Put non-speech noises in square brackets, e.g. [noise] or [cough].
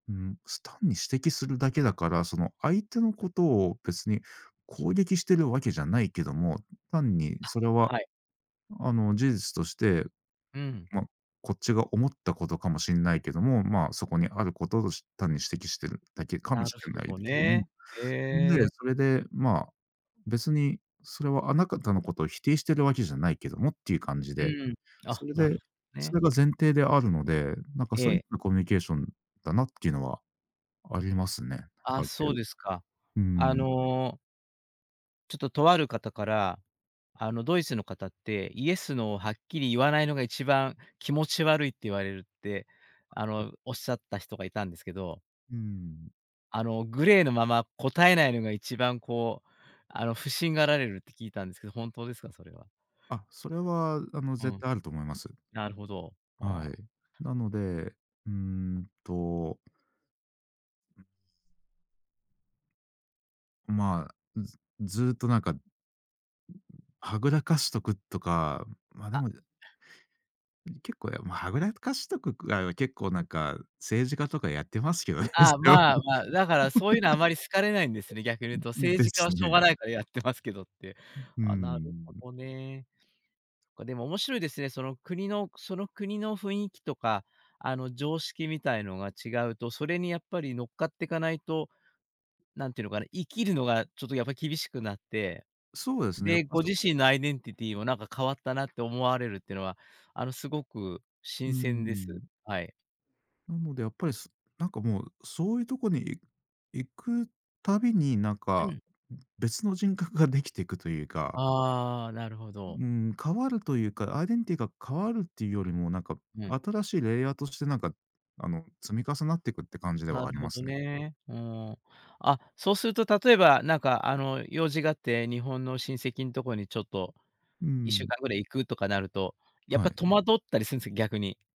うん、す単に指摘するだけだから、その、相手のことを別に攻撃してるわけじゃないけども、単にあ、それは、はい。あの、事実として、うん。まあ、こっちが思ったことかもしんないけども、まあ、そこにあることとし、単に指摘してるだけかもなるしれふぉないどだけ、うね、ん。へで、え。それで、まあ、別にそれはあなたのこと否定してるわけじゃないけどもっていう感じうで。ーん。そあ、れなるで、ほどそね。れが前提であるので、なんかそうえいっえ。たコミュニケーションだなっていうのはありますね、ああ、るそ程う度。ですか。うーあん。のちょっと、とある方から、あの、ドイツの方って、イエス、ノーはっきり言わないのが一番気持ち悪いって言われるって、あの、おっしゃった人がいたんですけど。うーん。あの、グレーのまま答えないのが一番こう、あの、不審がられるって聞いたんですけど、本当ですか？それは。あ、それは、あの、う絶ん。対あると思います。なるほど、あはあ。い。なので、うーんとまあ、ずずーっとなんかはぐらかしとくとか、まあ、であ。もね。結構、や、まあ、はぐらかしとくくらいは結構なんか、政治家とかやってますけどね、あそあ、れは。まあまあ、だから、そういうのはあ [laughs] まり好かれないんですね、逆に言うとうん、政で治家はすしょうね。がないからやってますけどって。うーああ、なるほん。どね。でも面白いですね、その国のその国の雰囲気とか、あの、常識みたいのが違うと、それにやっぱりのっかっていかないと、なんていうのかな、生きるのがちょっとやっぱ、厳しくなって。そうですね、やっで、ぱ、ごそ自身のアイデンティティもなんか変わったなって思われるっていうのは、あの、すごくうー新鮮です。ん。はい。で、やっぱ、すなんかもう、そういうとこに、い行く度になんうか、ん。別の人格が出来てくというか。ああ、なるほど。う－ん、変わるというか、アイデンティティが変わるっていうよりも、なんか、うん。新しいレイヤーとしてなんか、あの、積み重なってくって感じでなはあるりほまどすね。ね、うーん。あ、そうすると、例えばなんか、あの、用事があって、日本の親戚んとこにちょっとうーいっしゅうん。かんぐらい行くとかなると、やっはぱい。戸惑ったりすんすよ、逆に。